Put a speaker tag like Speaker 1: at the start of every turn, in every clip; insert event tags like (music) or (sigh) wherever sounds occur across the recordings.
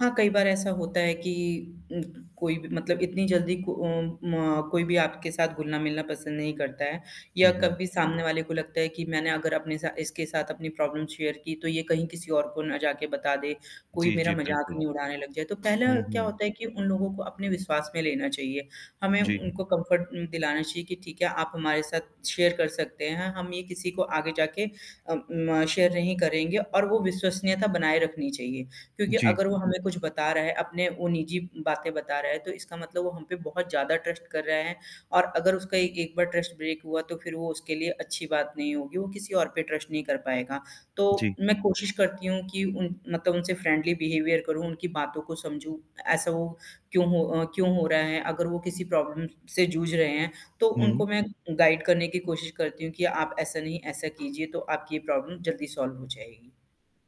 Speaker 1: हाँ, कई बार ऐसा होता है कि उ कोई भी मतलब इतनी जल्दी को अ, म कोई भी आपके साथ घुलना-मिलना पसंद नहीं करता है या
Speaker 2: हुँ, हुँ।
Speaker 1: कभी सामने वाले को लगता है कि मैंने अगर अपने साथ इसके साथ अपनी प्रॉब्लम शेयर की तो ये कहीं किसी और को ना जाके बता दे, कोई
Speaker 2: जी,
Speaker 1: मेरा
Speaker 2: जी,
Speaker 1: मज़ाक
Speaker 2: बिल्कुल।
Speaker 1: नहीं उड़ाने लग जाए। तो पहले
Speaker 2: हुँ,
Speaker 1: क्या
Speaker 2: हुँ।
Speaker 1: होता है कि उन लोगों को अपने विश्वास में लेना चाहिये, हमें
Speaker 2: जी।
Speaker 1: उनको कम्फ़र्ट उ दिलाना चाहिए कि ठीक है, आप हमारे साथ शेयर कर सकते हैं, हम ये किसी को आगे जाके अ, म शेयर नहीं करेंगे और वो विश्वसनीयता बनाए रखनी चाहिए क्योंकि
Speaker 2: जी।
Speaker 1: अगर वो हमें कुछ बता रहा है, अपनी वो निजी बातें बता रहा है, तो इसका मतलब वो हम पे बहुत ज़्यादा ट्रस्ट कर रहा है और अगर उसका एक बार ट्रस्ट ब्रेक हुआ तो फिर वो उसके लिए अच्छी बात नहीं होगी, वो किसी और पे ट्रस्ट नहीं कर पाएगा। तो
Speaker 2: जी।
Speaker 1: मैं कोशिश करती हूँ कि उन मतलब उनसे फ्रेंडली बिहेवियर करूँ, उनकी बातों को समझूँ, ऐसा वो क्यों हो क्यों हो रहा है, अगर वो किसी प्रॉब्लम से जूझ रहे हैं तो
Speaker 2: हुँ।
Speaker 1: उनको मैं गाइड करने की कोशिश करती हूँ कि आप ऐसा नहीं, ऐसा कीजिए, तो आपकी ये प्रॉब्लम जल्दी सॉल्व हो जाएगी।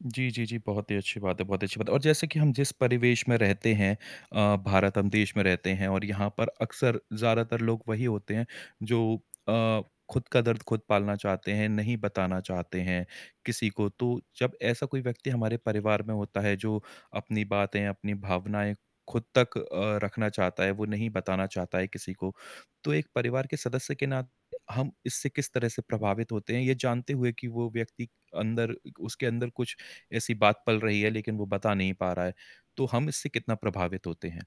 Speaker 2: जी, जी, जी। बहुत ही अच्छी बात है, बहुत ही अच्छी बात है और जैसे कि हम जिस परिवेश में रहते हैं अ, भारत हम देश में रहते हैं और यहाँ पर अक्सर ज़्यादातर लोग वही होते हैं जो (smacks lips) अ, खुद का दर्द खुद पालना चाहते हैं, नहीं बताना चाहते हैं किसी को, तो जब ऐसा कोई व्यक्ति हमारे परिवार में होता है जो अपनी बातें, अपनी भावनाएँ खुद तक अ, रखना चाहता है, वो नहीं बताना चाहता है किसी को, तो एक परिवार के सदस्य के नात हम इससे किस तरह से प्रभावित होते हैं, ये जानते हुए कि वो व्यक्ति अंदर उसके अंदर कुछ ऐसी बात पल रही है लेकिन वो बता नहीं पा रहा है, तो हम इससे कितना प्रभावित होते हैं?